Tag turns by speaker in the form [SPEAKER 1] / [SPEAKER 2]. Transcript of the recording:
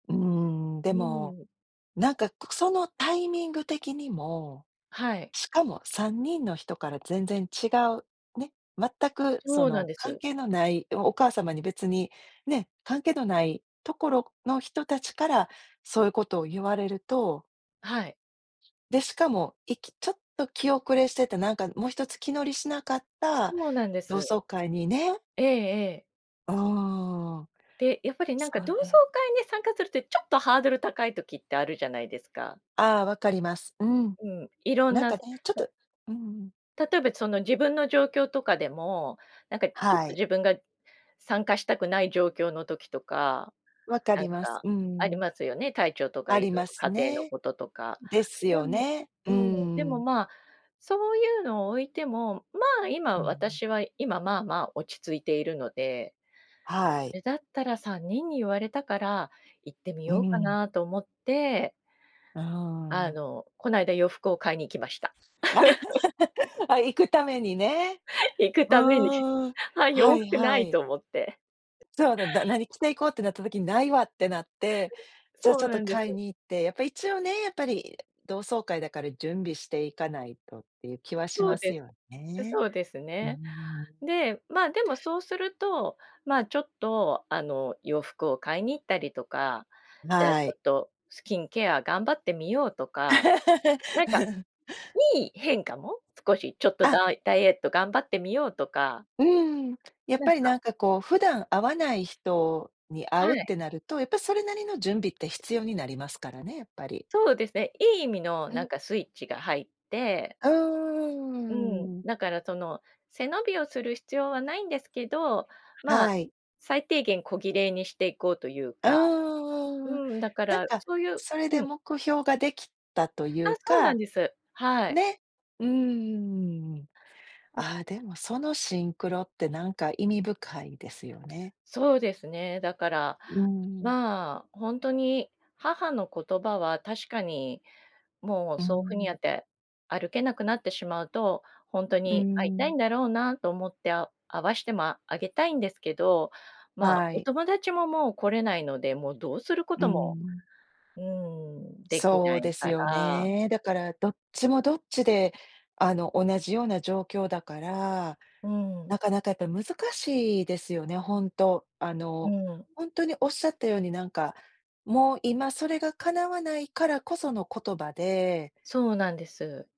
[SPEAKER 1] うーん、で
[SPEAKER 2] メニ
[SPEAKER 1] も、
[SPEAKER 2] ュー
[SPEAKER 1] なんか、くそのタイミング的にも、
[SPEAKER 2] はい。
[SPEAKER 1] しかも3人の人から全然違う、ね、全くそ
[SPEAKER 2] そうなん
[SPEAKER 1] の
[SPEAKER 2] で
[SPEAKER 1] 関
[SPEAKER 2] す。
[SPEAKER 1] 係のない、え、お母様に別に、ね、関係のないところの人たちからそういうことを言われると
[SPEAKER 2] あ、はい。
[SPEAKER 1] で、しかも、いきちょっと気遅れしてて、なんかも一つ気乗りしなかった
[SPEAKER 2] そうなんで
[SPEAKER 1] 同
[SPEAKER 2] す。
[SPEAKER 1] 窓会にね
[SPEAKER 2] ええええ。
[SPEAKER 1] うーん。
[SPEAKER 2] で、やっぱりなん
[SPEAKER 1] そ
[SPEAKER 2] か同
[SPEAKER 1] れ、
[SPEAKER 2] 窓
[SPEAKER 1] う
[SPEAKER 2] 会に参加するってちょっとハードル高い時ってあるじゃないですか。
[SPEAKER 1] あ、分かります。うん。
[SPEAKER 2] うん。いろん
[SPEAKER 1] なん
[SPEAKER 2] な
[SPEAKER 1] か
[SPEAKER 2] つ
[SPEAKER 1] ね、ちょっ
[SPEAKER 2] た
[SPEAKER 1] とうんうん。
[SPEAKER 2] 例えばその自分の状況とかでも、なんかちょっ
[SPEAKER 1] は
[SPEAKER 2] と
[SPEAKER 1] い。
[SPEAKER 2] 自分が参加したくない状況の時とか、
[SPEAKER 1] 分か
[SPEAKER 2] なん
[SPEAKER 1] ります。
[SPEAKER 2] か
[SPEAKER 1] う
[SPEAKER 2] あり
[SPEAKER 1] ん。
[SPEAKER 2] ますよね、体調とか
[SPEAKER 1] あ
[SPEAKER 2] い
[SPEAKER 1] り
[SPEAKER 2] ろい
[SPEAKER 1] ま
[SPEAKER 2] ろ
[SPEAKER 1] す
[SPEAKER 2] 家庭の
[SPEAKER 1] ね。ん、
[SPEAKER 2] こととか。
[SPEAKER 1] です
[SPEAKER 2] で
[SPEAKER 1] よ
[SPEAKER 2] も
[SPEAKER 1] ね。
[SPEAKER 2] う
[SPEAKER 1] うー
[SPEAKER 2] ん、でも
[SPEAKER 1] ん。
[SPEAKER 2] まあ、そういうのを置いても、まあ、
[SPEAKER 1] う
[SPEAKER 2] 今、
[SPEAKER 1] ん、う
[SPEAKER 2] 私は今まあまあ落ち着いているので。
[SPEAKER 1] は
[SPEAKER 2] う
[SPEAKER 1] い。
[SPEAKER 2] れだったら3人に言われたから行ってみ
[SPEAKER 1] う
[SPEAKER 2] ようか
[SPEAKER 1] ん。
[SPEAKER 2] なと思って
[SPEAKER 1] あ、うんう
[SPEAKER 2] あ
[SPEAKER 1] んうん。
[SPEAKER 2] の、こないだ洋服を買いに行きました。
[SPEAKER 1] あ、行くためにね。
[SPEAKER 2] 行く
[SPEAKER 1] うん
[SPEAKER 2] ために。
[SPEAKER 1] うんうんうんうん、
[SPEAKER 2] あ、
[SPEAKER 1] は
[SPEAKER 2] 洋
[SPEAKER 1] い
[SPEAKER 2] 服な
[SPEAKER 1] は
[SPEAKER 2] い
[SPEAKER 1] い。
[SPEAKER 2] と思って。
[SPEAKER 1] え、そうだ、だ「何着て行こう？」ってなった時に「ないわ」ってなって、
[SPEAKER 2] それ、
[SPEAKER 1] じゃあ
[SPEAKER 2] そ
[SPEAKER 1] ちょ
[SPEAKER 2] う
[SPEAKER 1] っ
[SPEAKER 2] な
[SPEAKER 1] と
[SPEAKER 2] んで
[SPEAKER 1] 買い
[SPEAKER 2] す。
[SPEAKER 1] に行って、やっぱ一応ね、やっぱり、いえ、同窓会だから準備していかないとっていう気はし
[SPEAKER 2] そう
[SPEAKER 1] ます
[SPEAKER 2] です、
[SPEAKER 1] よ
[SPEAKER 2] う
[SPEAKER 1] ね。
[SPEAKER 2] そうです
[SPEAKER 1] うー
[SPEAKER 2] ね。
[SPEAKER 1] ん。
[SPEAKER 2] で、まあ、でもそうすると、まあ、ちょっとあの、洋服を買いに行ったりとか、
[SPEAKER 1] ん、
[SPEAKER 2] じゃあち
[SPEAKER 1] は
[SPEAKER 2] ょ
[SPEAKER 1] い。
[SPEAKER 2] っとスキンケア頑張ってみようとか、なんか いい変化も少しちょっとダ
[SPEAKER 1] あ。
[SPEAKER 2] イダイエット頑張ってみようとか
[SPEAKER 1] うーん。やっ
[SPEAKER 2] なん
[SPEAKER 1] ぱり
[SPEAKER 2] か。
[SPEAKER 1] なんかこう、普段会わない人に会
[SPEAKER 2] は
[SPEAKER 1] うっ
[SPEAKER 2] い。
[SPEAKER 1] てなると、やっぱそれなりの準備って必要になりますからね、やっぱり。
[SPEAKER 2] そうですね、いい意味の
[SPEAKER 1] う
[SPEAKER 2] なん
[SPEAKER 1] ん。
[SPEAKER 2] かスイッチが入って
[SPEAKER 1] あ、う
[SPEAKER 2] うん、
[SPEAKER 1] ーん。
[SPEAKER 2] だからその背伸びをする必要はないんですけど、まあ、
[SPEAKER 1] はい。
[SPEAKER 2] 最低限小綺麗にしていこうという
[SPEAKER 1] あ、う
[SPEAKER 2] か、う
[SPEAKER 1] ーん、
[SPEAKER 2] ん、だか
[SPEAKER 1] なん
[SPEAKER 2] ら
[SPEAKER 1] か
[SPEAKER 2] そういう
[SPEAKER 1] それ
[SPEAKER 2] う
[SPEAKER 1] で
[SPEAKER 2] ん。
[SPEAKER 1] 目標ができたとい
[SPEAKER 2] あ、
[SPEAKER 1] う
[SPEAKER 2] そうなん
[SPEAKER 1] か、
[SPEAKER 2] です。はい。
[SPEAKER 1] ね。うーん。
[SPEAKER 2] うん。
[SPEAKER 1] あ、でもそのシンクロってなんか意味深いですよね。
[SPEAKER 2] そうですね。だから、
[SPEAKER 1] うんうん。
[SPEAKER 2] まあ、ほんとに母の言葉は確かに、もう
[SPEAKER 1] うー
[SPEAKER 2] そうふにあ
[SPEAKER 1] ん。
[SPEAKER 2] て、歩けなくなってしまうと、ほんと
[SPEAKER 1] うー
[SPEAKER 2] に会いたい
[SPEAKER 1] ん。
[SPEAKER 2] んだろうなと思ってあお会わしてもああげたいんですけど、まあ、
[SPEAKER 1] は
[SPEAKER 2] お
[SPEAKER 1] い。
[SPEAKER 2] 友達ももう来れないので、もうどうするこ
[SPEAKER 1] うー
[SPEAKER 2] とも、
[SPEAKER 1] ん。
[SPEAKER 2] うーん、でき
[SPEAKER 1] そ
[SPEAKER 2] な
[SPEAKER 1] う
[SPEAKER 2] い
[SPEAKER 1] です
[SPEAKER 2] か
[SPEAKER 1] よ
[SPEAKER 2] ら。
[SPEAKER 1] ね。だから、どっちもどっちで、あの、同じような状況だから、
[SPEAKER 2] うん。
[SPEAKER 1] なかなかやっぱり難しいですよね、ほんと。あ
[SPEAKER 2] う
[SPEAKER 1] の、
[SPEAKER 2] ん。ん。
[SPEAKER 1] ほんとにおっしゃったようになんか、もう今それがかなわないからこその言葉で
[SPEAKER 2] そうなんです。